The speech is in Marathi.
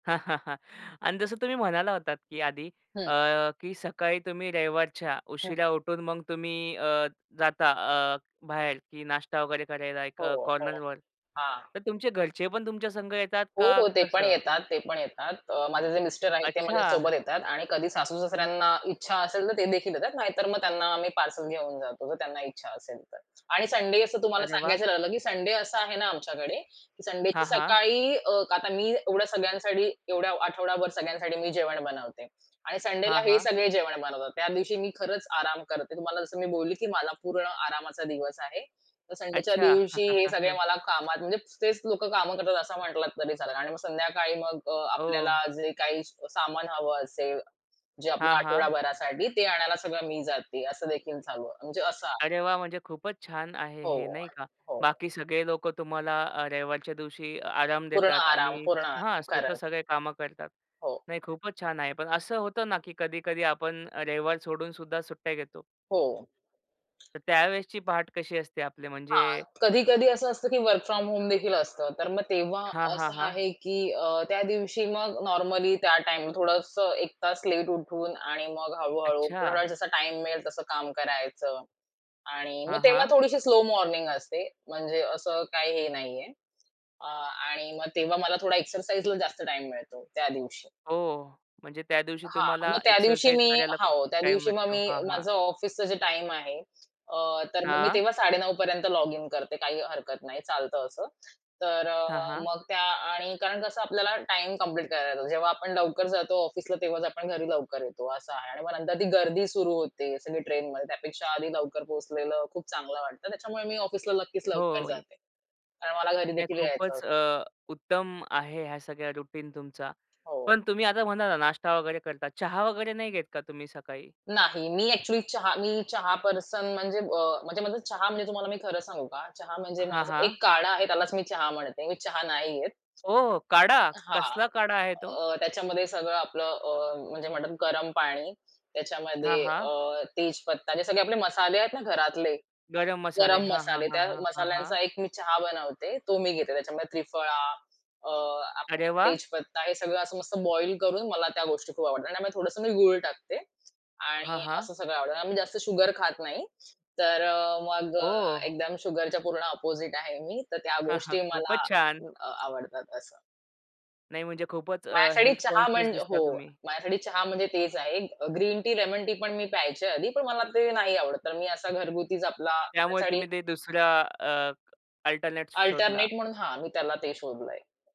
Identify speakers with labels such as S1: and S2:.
S1: आणि जसं तुम्ही म्हणाला होतात की आधी
S2: हं.
S1: अ, की सकाळी तुम्ही रविवारच्या
S2: हां.
S1: उशिरा उठून मग तुम्ही अ, जाता अ, बाहेर की नाश्ता वगैरे करायला एक अ,
S2: हो, हो.
S1: कॉर्नरवर.
S2: हां.
S1: तर तुमचे घरचे पण तुमच्या संग येतात,
S2: हो,
S1: का
S2: हो. ते पण
S1: कसं?
S2: येतात, ते पण येतात. अ, माझे जे मिस्टर आहेत ते माझ्यासोबत
S1: अच्छा.
S2: येतात आणि कधी सासू-सासऱ्यांना इच्छा असेल, तर तेदेखील येतात. नाहीतर मग त्यांना आम्ही पार्सल घेऊन जातो, तर त्यांना इच्छा असेल तर. आणि संडे असं तुम्हाला
S1: अरे वाह!
S2: सांगायचं राहिलं, की संडे असा आहे ना, आमच्याकडे संडेची
S1: हां, हां.
S2: सकाळी अ, आता मी एवढ्या सगळ्यांसाठी एवढ्या आठवडाभर सगळ्यांसाठी मी जेवण बनवते आणि संडेला
S1: हां,
S2: हे
S1: हां.
S2: सगळे जेवण बनवतात. त्या दिवशी मी खरंच आराम करते. तुम्हाला जसं मी बोलली की मला पूर्ण आरामाचा दिवस आहे, तर संडेच्या
S1: अच्छा.
S2: दिवशी हे सगळे मला कामात, म्हणजे तेच लोकं कामं करतात असं म्हंटलात तरी चालेल आणि मग संध्याकाळी मग अ, आपल्याला
S1: ओ.
S2: जे काही सामान हवं असेल, जे आपल्या
S1: हां, हां.
S2: आठवडाभरासाठी ते आणायला सगळं मी जाते असं देखील चालू आहे. म्हणजे असं
S1: अरे वाह! म्हणजे खूपच छान आहे हे,
S2: हो,
S1: नाही का.
S2: हो.
S1: बाकी सगळे लोकं तुम्हाला अ, रविवारच्या दिवशी आराम
S2: पूर्ण
S1: देतात
S2: आराम,
S1: आणि
S2: पूर्ण
S1: हां,
S2: आराम
S1: स्वतः
S2: करायचा.
S1: सगळे कामं करतात.
S2: हो.
S1: नाही, खूपच छान आहे, पण असं होतं ना, की कधी-कधी आपण रविवार सोडून सुद्धा सुट्ट्या घेतो.
S2: हो.
S1: तर त्यावेळेसची पहाट कशी असते आपली म्हणजे
S2: हां, कधी-कधी असं असतं की वर्क फ्रॉम होमदेखील असतं, तर मग तेव्हा
S1: हां, हां,
S2: असं
S1: हां.
S2: आहे की अ, त्या दिवशी मग नॉर्मली त्या टाईम थोडंस 1 तास लेट उठून आणि मग हळू-हळू थोडा
S1: अच्छा.
S2: जसा टाईम मिळेल, तसं काम करायचं आणि
S1: हां,
S2: मग तेव्हा
S1: हां.
S2: थोडीशी स्लो मॉर्निंग असते. म्हणजे असं काही हे नाहीये. अ, आणि मग तेव्हा मला थोडा एक्सरसाइजला जास्त टाईम मिळतो त्या दिवशी.
S1: ओ,. म्हणजे त्या दिवशी
S2: हां.
S1: तुम्हाला
S2: मग त्यादिवशी
S1: एक्सरसाइज
S2: मी
S1: करायला खूप
S2: हो, त्या
S1: टाईम
S2: दिवशी मग
S1: भेटतो.
S2: मी
S1: हां, हां.
S2: माझं ऑफिसचं जे टाईम आहे, अ, तर मग मी
S1: हां.
S2: तेव्हा 9:30 पर्यंत लॉगिन करते, काही हरकत नाही, चालतं असं. तर अ,
S1: हां, हां.
S2: मग त्या आणि कारण कसं आपल्याला टाईम कंप्लीट करायला येतो. जेव्हा आपण लवकर जातो ऑफिसला तेव्हाच आपण घरी लवकर येतो असं आहे आणि मग नंतर ती गर्दी सुरू होते सगळी ट्रेनमध्ये. त्यापेक्षा आधी लवकर पोहोचलेलं खूप चांगलं वाटतं, त्याच्यामुळे मी ऑफिसला नक्कीच लवकर
S1: हो. ये
S2: जाते. कारण मला
S1: नाही
S2: घरीदेखील यायचं असतं.
S1: खूपच अ, उत्तम आहे ह्या सगळ्या रुटीन तुमचा.
S2: हो.
S1: पण तुम्ही आता म्हणाला ना, नाष्टा वगैरे करता. चहा वगैरे नाही घेत का तुम्ही सकाळी?
S2: नाही. मी अ‍ॅक्चुअली चहा मी चहा पर्सन म्हणजे अ, म्हणजे माझा चहा म्हणजे तुम्हाला मी खरं सांगू का, चहा म्हणजे
S1: हां,
S2: माझा
S1: हां.
S2: एक काढा आहे. त्यालाच मी चहा म्हणते, मी चहा नाही घेत.
S1: ओ काढा!
S2: हां.
S1: कसला काढा आहे तो?
S2: अ, त्याच्यामध्ये सगळं आपलं अ, म्हणजे म्हणतात गरम पाणी,
S1: हां,
S2: त्याच्यामध्ये
S1: हां.
S2: अ, तेजपत्ता, जे सगळे आपले मसाले आहेत ना, घरातले,
S1: गरम मसाले,
S2: गरम
S1: हां, हां,
S2: मसाले
S1: हां,
S2: त्या
S1: हां, हां, हां.
S2: मसाल्यांचा एक मी चहा बनवते, तो मी घेते. त्याच्यामध्ये त्रिफळा, अ,
S1: अरे
S2: आपला
S1: वाह!
S2: तेजपत्ता हे सगळं असं मस्त बॉईल करून मला त्या गोष्टी खूप आवडतात आणि त्यामुळे थोडंसं मी गूळ टाकते
S1: हां,
S2: आणि
S1: हां.
S2: असं सगळं आवडतं. आम्ही जास्त शुगर खात नाही. तर अ, मग अ,
S1: ओह!
S2: एकदम शुगरच्या पूर्ण अपोझिट आहे मी तर त्या गोष्टी
S1: खूपच
S2: मला
S1: छान!
S2: अ, आवडतात असं.
S1: नाही म्हणजे खूपच अ,
S2: माझ्यासाठी
S1: हेल्थ
S2: चहा
S1: कॉन्शियस
S2: म्हणजे
S1: दिसता
S2: हो.
S1: तुम्ही.
S2: माझ्यासाठी चहा म्हणजे तेच आहे. अ, ग्रीन टी, लेमन टी पण मी प्यायचे आधी, पण मला ते नाही आवडत. तर मी असा घरगुतीच आपला
S1: त्यामुळे तुम्ही
S2: [unintelligible]
S1: ते दुसऱ्या अ, अल्टरनेट शोधला.
S2: अल्टरनेट म्हणून हां, मी त्याला ते शोधलंय.